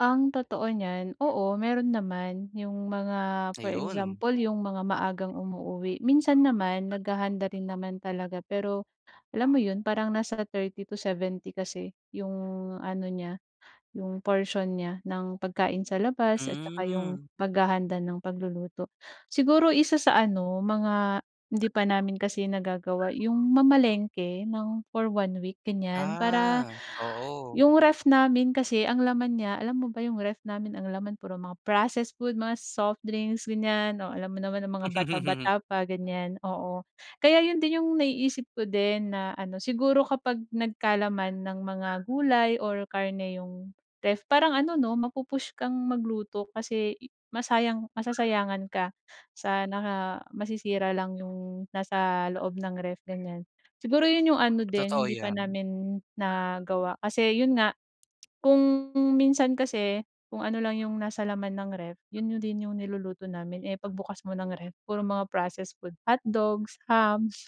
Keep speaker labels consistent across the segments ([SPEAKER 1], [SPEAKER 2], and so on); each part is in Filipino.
[SPEAKER 1] Ang totoo niyan, oo mayroon naman, 'yong mga, for
[SPEAKER 2] Ayun.
[SPEAKER 1] example, 'yong mga maagang umuuuwi. Minsan naman maghahanda rin naman talaga. Pero alam mo 'yon parang nasa 30 to 70 kasi 'yong ano niya, 'yong portion niya ng pagkain sa labas at tsaka 'yong
[SPEAKER 2] Hmm.
[SPEAKER 1] paghahanda ng pagluluto. Siguro isa sa ano, mga hindi pa namin kasi nagagawa 'yong mamalengke ng for 1 week, ganyan. Para
[SPEAKER 2] Ah, oo.
[SPEAKER 1] 'yong ref namin kasi ang laman niya alam mo ba 'yong ref namin ang laman puro mga processed food, mga soft drinks, ganyan. Oh, alam mo naman ang mga bata-bata pa, ganyan, oo. Kaya 'yon din 'yong naiisip ko din na ano. Siguro kapag nagkalaman ng mga gulay or karne 'yong ref parang ano, 'no, mapu-push kang magluto. Kasi, eh, masayang masasayangan ka sa na nga masisira lang 'yong nasa loob ng ref, ganyan. Siguro 'yon 'yong ano din,
[SPEAKER 2] Totoo
[SPEAKER 1] hindi pa
[SPEAKER 2] 'yan.
[SPEAKER 1] namin nagawa. Kasi 'yon nga, kung minsan kasi, kung ano lang 'yong nasa laman ng ref, 'yon yo din 'yong niluluto namin. Eh, pagbukas mo ng ref, puro mga processed food, hotdogs, hams,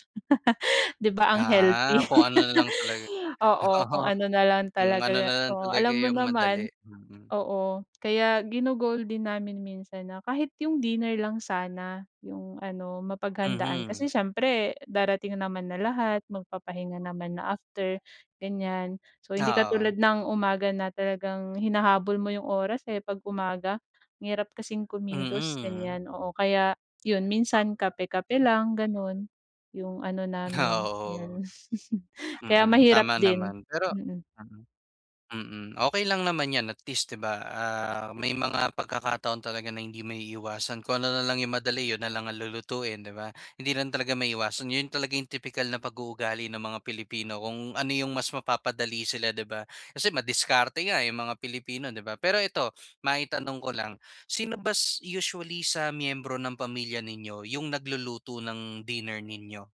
[SPEAKER 1] 'di ba, ang
[SPEAKER 2] Ah,
[SPEAKER 1] healthy?
[SPEAKER 2] kung ano na lang talaga
[SPEAKER 1] Oo,
[SPEAKER 2] oo.
[SPEAKER 1] kung ano na lang
[SPEAKER 2] Kung ano
[SPEAKER 1] talaga
[SPEAKER 2] na lang
[SPEAKER 1] oo.
[SPEAKER 2] talaga
[SPEAKER 1] Alam mo
[SPEAKER 2] 'yong madali.
[SPEAKER 1] naman
[SPEAKER 2] Mm.
[SPEAKER 1] oo. Kaya gino-goal din namin minsan na kahit 'yong dinner lang sana 'yong ano, mapaghandaan. Kasi
[SPEAKER 2] Mhm.
[SPEAKER 1] siyempre darating naman na lahat, magpapahinga naman na after, ganyan. So hindi
[SPEAKER 2] Ah, oo.
[SPEAKER 1] katulad ng umaga na talagang hinahabol mo 'yong oras, eh, 'pag umaga. Ang hirap kasing kumilos,
[SPEAKER 2] Mm.
[SPEAKER 1] ganyan, oo. Kaya 'yon minsan kape-kape lang, gano'n. 'Yong ano
[SPEAKER 2] Ah,
[SPEAKER 1] namin,
[SPEAKER 2] oo.
[SPEAKER 1] 'yan. Kaya
[SPEAKER 2] Mm,
[SPEAKER 1] mahirap
[SPEAKER 2] tama
[SPEAKER 1] din.
[SPEAKER 2] naman. Pero
[SPEAKER 1] Mm.
[SPEAKER 2] mm. Mm, okey lang naman 'yan at least, 'di ba, ah, may mga pagkakataon talaga na hindi maiiwasan kung ano na lang 'yong madali 'yon na lang ang lulutuin, 'di ba? Hindi lang talaga maiiwasan, 'yon talaga 'yong tipikal na pag-uugali ng mga Pilipino. Kung ano 'yong mas mapapadali sila, 'di ba? Kasi madiskarte nga, eh, 'yong mga Pilipino, 'di ba? Pero ito, maitanong ko lang, sino ba s usually sa miyembro ng pamilya ninyo, 'yong nagluluto ng dinner ninyo?